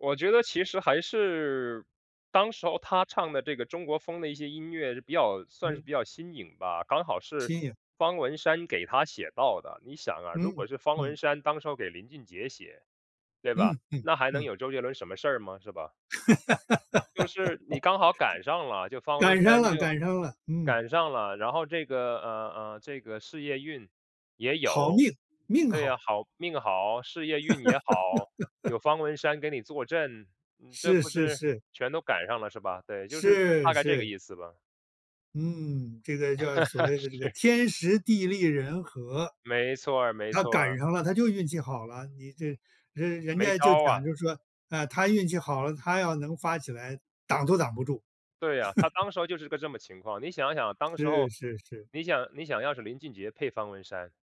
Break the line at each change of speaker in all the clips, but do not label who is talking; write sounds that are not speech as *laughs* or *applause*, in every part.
我觉得其实还是当时候他唱的这个中国风的一些音乐是比较算是
嗯。
比较新颖吧，刚好是
新颖。
方文山给他写到的。你想啊，如
嗯，
果是方文
嗯。
山当时要给林俊杰写，对吧，
嗯，嗯，
那还能
嗯。
有周杰伦什么事儿吗？是吧？就是你刚好赶上了，就
*laughs*
方文
赶上
山
了
就
赶上了，嗯。
赶上了，然后这个，呃，呃，这个事业运也
好
有。
命，命
对呀，
好。
好命好、事业运也好，
*laughs*
有方文山给你坐镇，嗯，这
是
不
是
是
是。
全都赶上了是吧？对，就是就是大
是
概这个
是。
意思吧。
嗯，这个叫所
*laughs*
谓的这个
是。
天时地利人和。
没错儿没
他
错
赶
儿。
上了，他就运气好了，你这人人
没
家就
招
讲
啊。
就说：“啊，他运气好了，他要能发起来挡都挡不住。“
对啊，他
*laughs*
当时候就是个这么情况。你想想，当时
是
候，
是是。
你想你想要是林俊杰配方文山，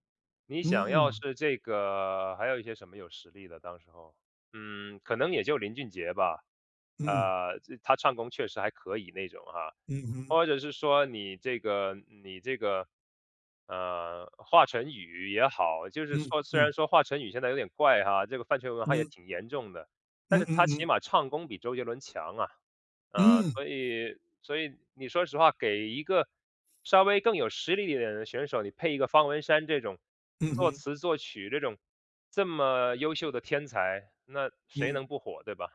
你想要
嗯。
是这个还有一些什么有实力的当时候。嗯，可能也就林俊杰吧，
嗯。
呃，这他唱功确实还可以那种啊。
嗯哼。
或者是说你这个你这个，呃，华晨宇也好，就是
嗯，
说虽
嗯。
然说华晨宇现在有点怪哈，这个饭圈文化也
嗯。
挺严重的，但
嗯
是他
嗯
起
嗯。
码唱功比周杰伦强啊。呃，
嗯。
所以所以你说实话，给一个稍微更有实力一点的选手，你配一个方文山这种
嗯
作
哼。
词作曲这种这么优秀的天才，那谁
嗯。
能不火，对吧？